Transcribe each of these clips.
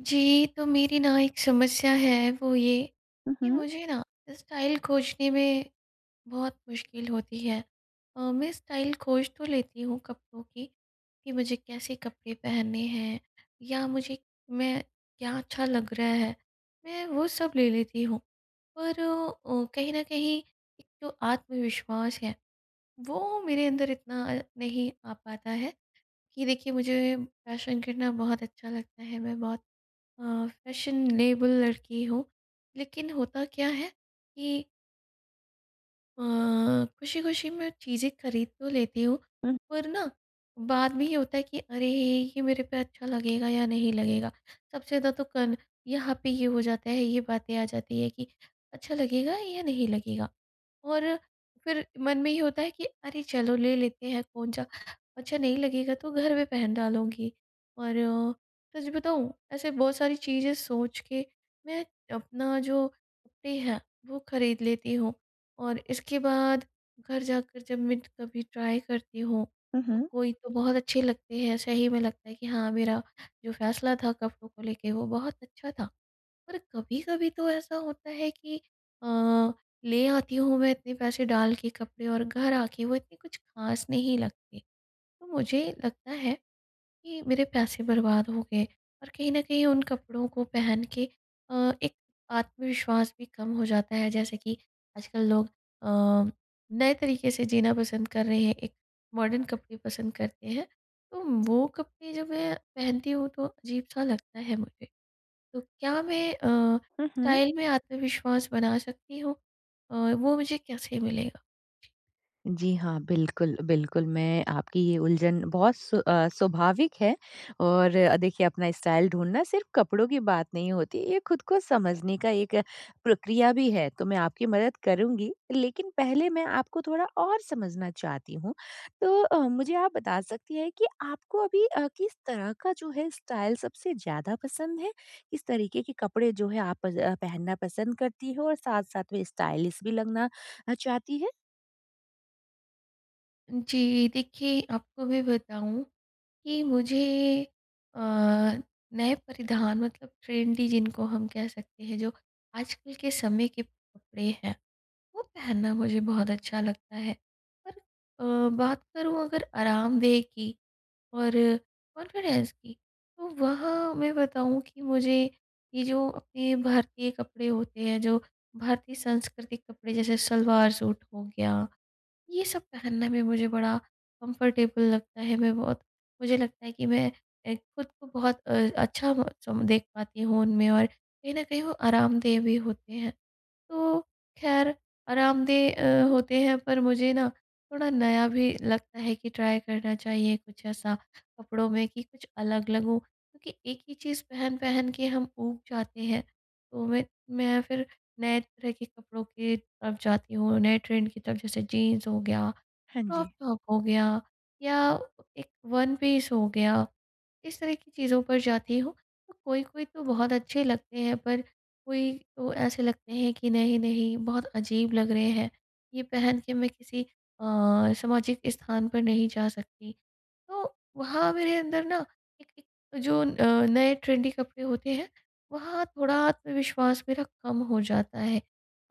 जी, तो मेरी ना एक समस्या है वो ये हुँ, कि हुँ। मुझे ना स्टाइल खोजने में बहुत मुश्किल होती है। अ, मैं स्टाइल खोज तो लेती हूँ कपड़ों की, कि मुझे कैसे कपड़े पहनने हैं या मुझे मैं क्या अच्छा लग रहा है, मैं वो सब ले लेती हूँ पर अ, कहीं न कहीं एक तो आत्मविश्वास है, वो मेरे अंदर इतना अ, नहीं आ पाता है, कि देखिए मुझे फैशन करना बहुत अच्छा लगता है मैं बहुत अ, फैशनेबल लड़की हूँ। लेकिन होता क्या है कि अ, खुशी-खुशी में चीज़ें खरीद तो लेती हूँ, हुँ। पर ना बाद में ये होता है कि, अरे! ये मेरे पे अच्छा लगेगा या नहीं लगेगा? सबसे ज़्यादा तो कन यहाँ पे ही हो जाता है, ये बातें आ जाती हैं कि अच्छा लगेगा या नहीं लगेगा? और फिर मन में ये होता है कि, "अरे चलो, ले लेते हैं कौन सा अच्छा नहीं लगेगा तो घर में पहन डालूँगी।" और सच बताऊँ? ऐसे बहुत सारी चीज़ें सोच के मैं अपना जो कपड़े हैं वो खरीद लेती हूँ और इसके बाद घर जाकर जब मैं कभी ट्राय करती हूँ हुँ, तो हुँ। कोई तो बहुत अच्छे लगते हैं सही में लगता है कि हाँ, मेरा जो फैसला था कपड़ों को लेके वो बहुत अच्छा था। पर कभी-कभी तो ऐसा होता है कि अ, ले आती हूँ मैं इतने पैसे डाल के कपड़े और घर आके वो इतने कुछ ख़ास नहीं लगते। तो मुझे लगता है, कि मेरे पैसे बर्बाद हो गए और कहीं न कहीं उन कपड़ों को पहन के अ, एक आत्मविश्वास भी कम हो जाता है, जैसे कि आजकल लोग अ, नए तरीके से जीना पसंद कर रहे हैं एक मॉडर्न कपड़े पसंद करते हैं, तो वो कपड़े जब मैं पहनती हूँ तो अजीब सा लगता है मुझे। तो क्या मैं अ, हुँ, हुँ। स्टाइल में आत्मविश्वास बना सकती हूँ? अ, वो मुझे कैसे मिलेगा? जी हाँ, बिल्कुल, बिल्कुल। मैं आपकी ये उलझन बहुत स्व अ, स्वाभाविक है और अ, देखिए अपना स्टाइल ढूँढना सिर्फ़ कपड़ों की बात नहीं होती ये खुद को समझने का एक प्रक्रिया भी है, तो मैं आपकी मदद करूँगी लेकिन पहले मैं आपको थोड़ा और समझना चाहती हूँ। तो अ, मुझे आप बता सकती हैं कि आपको अभी अ, किस तरह का जो है स्टाइल सबसे ज़्यादा पसंद है, इस तरीके के कपड़े जो हैं आप पज अ, पहनना पसंद करती हो और साथ-साथ में स्टाइलिश भी लगना अ, चाहती है? जी, देखिए आपको मैं बताऊँ, कि मुझे अ, नए परिधान मतलब ट्रेंडी जिनको हम कह सकते हैं जो आजकल के समय के कपड़े हैं, वो पहनना मुझे बहुत अच्छा लगता है पर अ, बात करूँ अगर आरामदेह की और कॉन्फिडेंस की, तो वहाँ मैं बताऊँ कि मुझे, ये जो अपने भारतीय कपड़े होते हैं जो भारतीय सांस्कृतिक कपड़े जैसे सलवार-सूट हो गया, ये सब पहनना भी मुझे बड़ा कम्फर्टेबल लगता है मैं बहुत मुझे लगता है कि मैं ए ख़ुद को बहुत अ, अच्छा बहुत देख पाती हूँ उनमें और कहीं न कहीं वो आरामदेह भी होते हैं। तो खैर हुँ, आरामदेह अ, हुँ। होते हैं पर मुझे ना, थोड़ा नया भी लगता है कि ट्राई करना चाहिए कुछ ऐसा कपड़ों में कि कुछ अलग लगूँ, क्योंकि एक ही चीज़ पहन-पहन के हम ऊब जाते हैं तो मैं मैं फिर नए तरह के कपड़ों की तरफ जाती हूँ नए ट्रेंड की तरफ जैसे जीन्स हो गया हाँ क्रॉप जी। टॉप हो गया या एक वन पीस हो गया, इस तरह की चीज़ों पर जाती हूँ। तो कोई-कोई तो बहुत अच्छे लगते हैं पर कोई तो ऐसे लगते हैं कि नहीं-नहीं बहुत अजीब लग रहे हैं, ये पहन के मैं किसी अ, सामाजिक स्थान पर नहीं जा सकती। तो वहाँ मेरे अंदर ना एक एक जो अ, नए ट्रेंडी कपड़े होते हैं, वहाँ थोड़ा आत्मविश्वास मेरा कम हो जाता है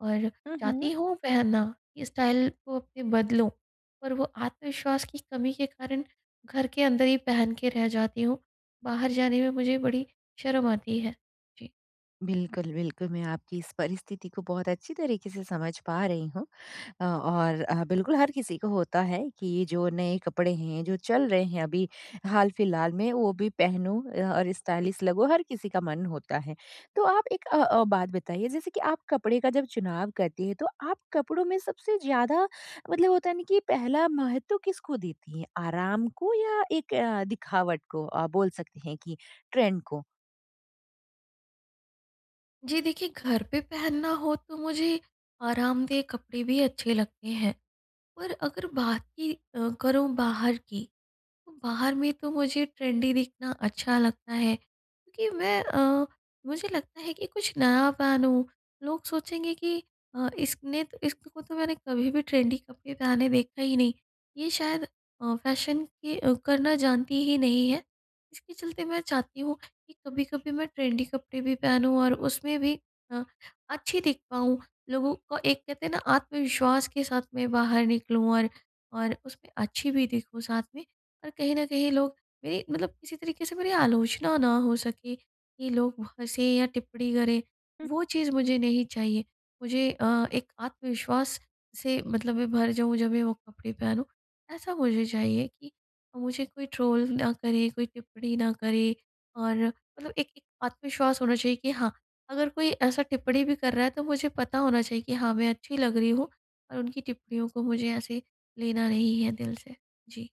और चाहती उहुँ। हूँ पहनना कि स्टाइल को अपने बदलूँ, पर वो आत्मविश्वास की कमी के कारण घर के अंदर ही पहन के रह जाती हूँ, बाहर जाने में मुझे बड़ी शर्म आती है, जी। बिल्कुल, बिल्कुल, मैं आपकी इस परिस्थिति को बहुत अच्छी तरीके से समझ पा रही हूँ। अ, और अ, बिल्कुल हर किसी को होता है कि जो नए कपड़े हैं जो चल रहे हैं अभी हाल-फिलहाल में, वो भी पहनूँ अ, और स्टाइलिश लगूँ, हर किसी का मन होता है। तो आप एक अ अ, बात बताइए जैसे कि आप कपड़े का जब चुनाव करती हैं तो आप कपड़ों में सबसे ज़्यादा मतलब होता है ना कि पहला महत्व किसको देती हैं? आराम को या एक दिखावट को अ, बोल सकते हैं कि ट्रेंड को? जी देखिए, घर पे पहनना हो तो मुझे, आरामदेह कपड़े भी अच्छे लगते हैं। पर अगर बात ही अ, करूँ बाहर की, बाहर में तो मुझे ट्रेंडी दिखना अच्छा लगता है, क्योंकि मैं अ मुझे लगता है कि कुछ नया पहनूँ। लोग सोचेंगे कि अ, इसने त इसको तो मैंने कभी भी ट्रेंडी कपड़े डाले देखा ही नहीं। ये शायद अ, फैशन के अ, करना जानती ही नहीं है। इसके चलते मैं चाहती हूँ, कि कभी-कभी मैं ट्रेंडी कपड़े भी पहनूँ और उसमें भी अ, अच्छी दिख पाऊँ। लोगों को एक कहते हैं ना आत्मविश्वास के साथ मैं बाहर निकलूँ और, और उसमें अच्छी भी दिखूँ साथ में और कहीं न कहीं लोग मेरी मतलब किसी तरीके से मेरी आलोचना ना हो सके, कि लोग व हँसें या टिप्पणी करें, हुँ। वो चीज़ मुझे नहीं चाहिए। मुझे अ, एक आत्मविश्वास से मतलब मैं भर जाऊँ जब मैं वो कपड़े पहनूँ। ऐसा मुझे चाहिए कि मुझे कोई ट्रोल ना करे, कोई टिप्पणी ना करे और मतलब एक एक आत्मविश्वास होना चाहिए कि हाँ, अगर कोई ऐसा टिप्पणी भी कर रहा है तो मुझे पता होना चाहिए कि हाँ, मैं अच्छी लग रही हूँ और उनकी टिप्पणियों को मुझे ऐसे लेना नहीं है दिल से। जी।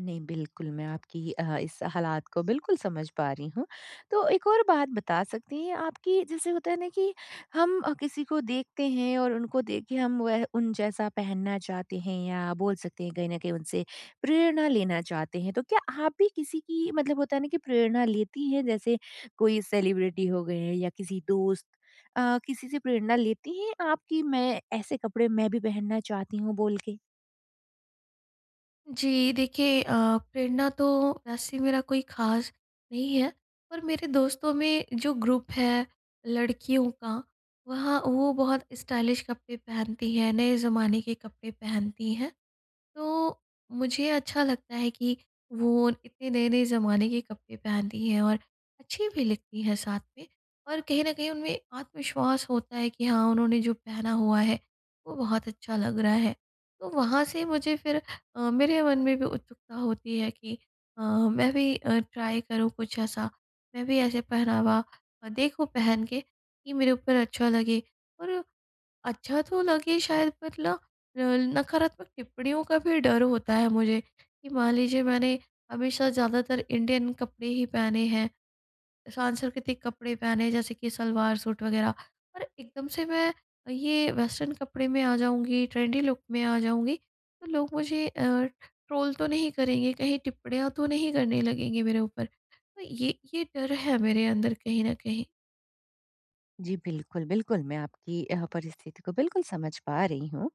नहीं बिल्कुल, मैं आपकी अ, इस हालात को बिल्कुल समझ पा रही हूँ। तो एक और बात बता सकती हैं आप कि जैसे होता है ना कि हम अ, किसी को देखते हैं और उनको देखे हम वह उन जैसा पहनना चाहते हैं या बोल सकते हैं कहीं न कहीं उनसे प्रेरणा लेना चाहते हैं, तो क्या आप भी किसी की मतलब होता है ना कि प्रेरणा लेती हैं जैसे कोई सेलिब्रिटी हो गए या किसी दोस्त? अ, किसी से प्रेरणा लेती हैं आप कि मैं ऐसे कपड़े मैं भी पहनना चाहती हूँ बोल के? जी। देखिए अ, प्रेरणा तो ऐसी मेरा कोई ख़ास नहीं है। पर मेरे दोस्तों में जो ग्रुप है लड़कियों का, वह वो बहुत स्टाइलिश कपड़े पहनती हैं, नए ज़माने के कपड़े पहनती हैं। तो, मुझे अच्छा लगता है कि वो इतने नए-नए ज़माने के कपड़े पहनती हैं और अच्छी भी लगती है साथ में और कहीं न कहीं उनमें आत्मविश्वास होता है कि हाँ उन्होंने जो पहना हुआ है, वो बहुत अच्छा लग रहा है। तो वहाँ से मुझे फिर अ, मेरे मन में भी उत्सुकता होती है कि अ, मैं भी अ, ट्राय करूँ कुछ ऐसा। मैं भी ऐसे पहनावा अ, देखूँ पहन के कि मेरे ऊपर अच्छा लगे और अच्छा तो लगे शायद मतलब पर ला रल नकारात्मक टिप्पणियों का भी डर होता है मुझे, कि मान लीजिए मैंने हमेशा ज़्यादातर इंडियन कपड़े ही पहने हैं, सांस्कृतिक कपड़े पहने हैं जैसे कि सलवार-सूट वगैरह। पर एकदम से मैं अ, ये वेस्टर्न कपड़े में आ जाऊँगी ट्रेंडी लुक में आ जाऊँगी, तो लोग मुझे अ, ट्रोल तो नहीं करेंगे, कहीं टिप्पणियाँ तो नहीं करने लगेंगे मेरे ऊपर। तो ये ये डर है मेरे अंदर कहीं न कहीं। जी, बिल्कुल, बिल्कुल मैं आपकी अ, परिस्थिति को बिल्कुल समझ पा रही हूँ।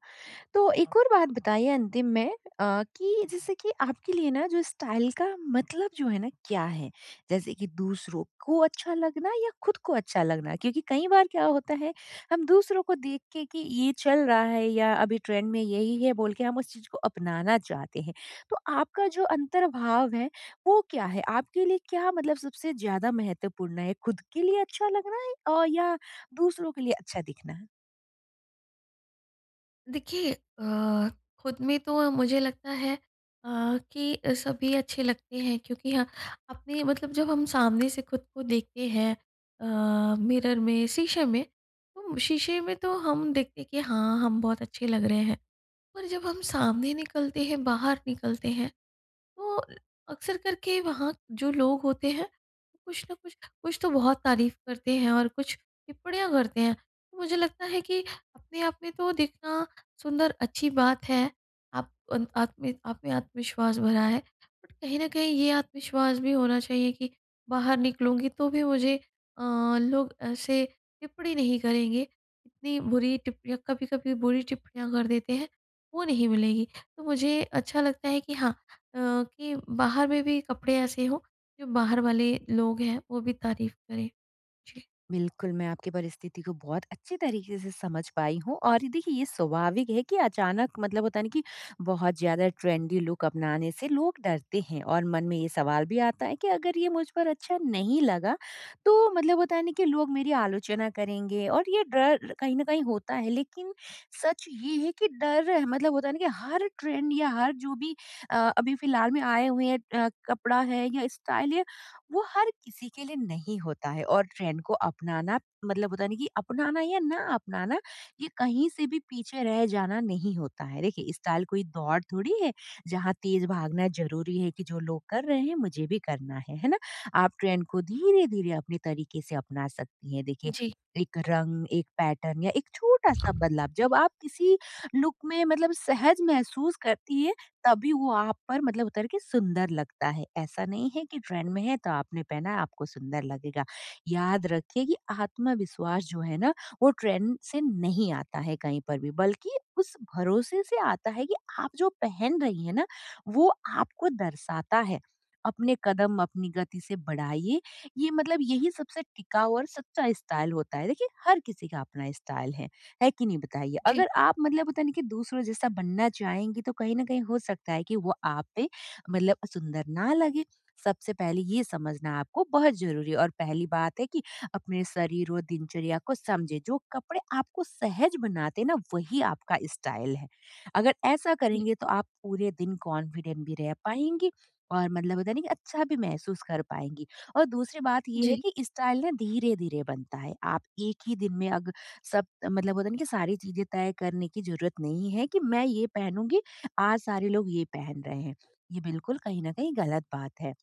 तो एक और बात बताइए अंतिम में अ, कि जैसे कि आपके लिए ना जो स्टाइल का मतलब जो है ना, क्या है? जैसे कि दूसरों को अच्छा लगना या खुद को अच्छा लगना? क्योंकि कई बार क्या होता है हम दूसरों को देख के कि ये चल रहा है या अभी ट्रेंड में यही है बोल के हम उस चीज़ को अपनाना चाहते हैं। तो आपका जो अंतर्भाव है, वो क्या है? आपके लिए क्या मतलब सबसे ज़्यादा महत्वपूर्ण है खुद के लिए अच्छा लगना है अ, या दूसरों के लिए अच्छा दिखना? देखिए अ, ख़ुद में तो मुझे लगता है अ, कि सभी अच्छे लगते हैं क्योंकि यह अपने मतलब जब हम सामने से ख़ुद को देखते हैं अ, मिरर में, शीशे में, तो शीशे में तो हम देखते हैं कि हाँ हम बहुत अच्छे लग रहे हैं। और जब हम सामने निकलते हैं बाहर निकलते हैं, तो अक्सर करके वहाँ जो लोग होते हैं कुछ ना कुछ कुछ तो बहुत तारीफ़ करते हैं और कुछ टिप्पणियाँ करते हैं, तो मुझे लगता है कि अपने आप में तो दिखना सुंदर अच्छी बात है आप उन आप में आप में आत्मविश्वास भरा है, बट कहीं न कहीं ये आत्मविश्वास भी होना चाहिए कि बाहर निकलूँगी तो भी मुझे अ, लोग ऐसे टिप्पणी नहीं करेंगे, इतनी बुरी टिप्पणियाँ कभी-कभी बुरी टिप्पणियाँ कर देते हैं, वो नहीं मिलेगी। तो मुझे अच्छा लगता है कि हाँ अ, कि बाहर में भी कपड़े ऐसे हों जो बाहर वाले लोग हैं वो भी तारीफ़ करें। जी। बिल्कुल, मैं आपकी परिस्थिति को बहुत अच्छी तरीक़े से समझ पाई हूँ और ये देखिए ये स्वाभाविक है कि अचानक मतलब होता है ना कि बहुत ज़्यादा ट्रेंडी लुक अपनाने से लोग डरते हैं और मन में ये सवाल भी आता है कि अगर ये मुझ पर अच्छा नहीं लगा, तो मतलब होता है ना कि लोग मेरी आलोचना करेंगे और ये डर कहीं न कहीं होता है लेकिन सच ये है कि डर ह मतलब होता है ना कि हर ट्रेंड या हर जो भी अ, अभी फ़िलहाल में आए हुए हैं अ, कपड़ा है या स्टाइल या वो हर किसी के लिए नहीं होता है और ट्रेंड को अपनाना मतलब होता है ना कि अपनाना या ना अपनाना ये कहीं से भी पीछे रह जाना नहीं होता है। देखिए, स्टाइल कोई दौड़ थोड़ी है जहाँ तेज़ भागना ज़रूरी है कि जो लोग कर रहे हैं मुझे भी करना है, है ना? आप ट्रेंड को धीरे-धीरे अपने तरीक़े से अपना सकती हैं देखिए, जी। एक रंग, एक पैटर्न या एक छोटा-सा बदलाव, जब आप किसी लुक में मतलब सहज महसूस करती है, तभी वो आप पर मतलब उतर के सुंदर लगता है ऐसा नहीं है कि ट्रेंड में है तो आपने पहना है आपको सुंदर लगेगा। याद रखिए कि आत्मविश्वास जो है ना, वो ट्रेंड से नहीं आता है कहीं पर भी बल्कि उस भरोसे से आता है कि आप जो पहन रही है ना, वो आपको दर्शाता है, अपने कदम अपनी गति से बढ़ाइए, ये मतलब यही सबसे टिकाऊ और सच्चा स्टाइल होता है देखिए, हर किसी का अपना स्टाइल है, है कि नहीं बताइए? जी। अगर आप मतलब होता नहीं कि दूसरों जैसा बनना चाहेंगी तो कहीं न कहीं हो सकता है कि वो आप पे मतलब सुंदर ना लगे, सबसे पहले ये समझना आपको बहुत ज़रूरी है और पहली बात है कि अपने शरीर और दिनचर्या को समझे, जो कपड़े आपको सहज बनाते हैं ना वही आपका स्टाइल है। अगर ऐसा जी। करेंगे तो आप पूरे दिन कॉन्फिडेंट भी रह पाएँगी और मतलब होता है ना कि अच्छा भी महसूस कर पाएँगी। और दूसरी बात ये है जी। कि स्टाइल ना धीरे-धीरे बनता है आप एक ही दिन में अग सब मतलब होता है ना कि सारी चीज़ें तय करने की ज़रूरत नहीं है कि मैं ये पहनूँगी, आज सारे लोग ये पहन रहे हैं, ये बिल्कुल कहीं न कहीं ग़लत बात है।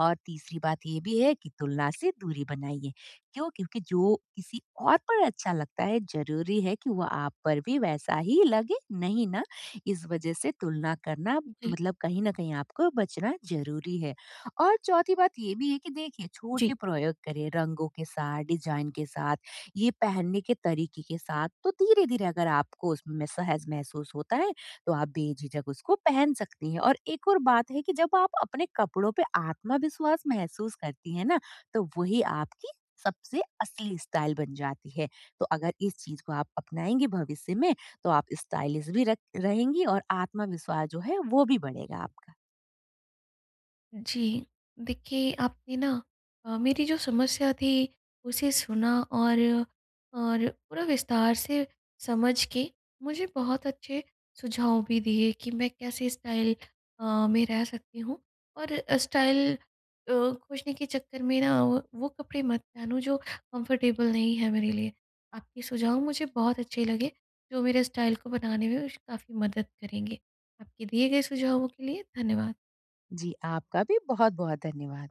और तीसरी बात ये भी है कि तुलना से दूरी बनाइए, क्यों? क्योंकि जो किसी और पर अच्छा लगता है ज़रूरी है कि वो आप पर भी वैसा ही लगे, नहीं ना? इस वजह से तुलना करना जी। मतलब कहीं न कहीं आपको बचना ज़रूरी है। और चौथी बात ये भी है कि देखिए जी। छोटे प्रयोग करें, रंगों के साथ डिजाइन के साथ ये पहनने के तरीक़े के साथ, तो धीरे-धीरे अगर आपको उसमें सहज महसूस होता है, तो आप बेझिझक उसको पहन सकती हैं। और एक और बात है कि जब आप अपने कपड़ों पे आत्मविश्वास महसूस करती हैं ना, तो वही आपकी सबसे असली स्टाइल बन जाती है। तो अगर इस चीज़ को आप अपनाएँगी भविष्य में, तो आप स्टाइलिस्ट भी र रहेंगी और आत्मविश्वास जो है वो भी बढ़ेगा आपका। जी। देखिए आपने ना अ, मेरी जो समस्या थी, उसे सुना और और पूरा विस्तार से समझ के मुझे बहुत अच्छे सुझाव भी दिए कि मैं कैसे स्टाइल अ, में रह सकती हूँ। और स्टाइल अ, खोजने के चक्कर में ना, व वो कपड़े मत पहनो जो कम्फर्टेबल नहीं है मेरे लिए, आपके सुझाव मुझे बहुत अच्छे लगे जो मेरे स्टाइल को बनाने में काफ़ी मदद करेंगे। आपके दिए गए सुझावों के लिए धन्यवाद। जी, आपका भी बहुत-बहुत धन्यवाद।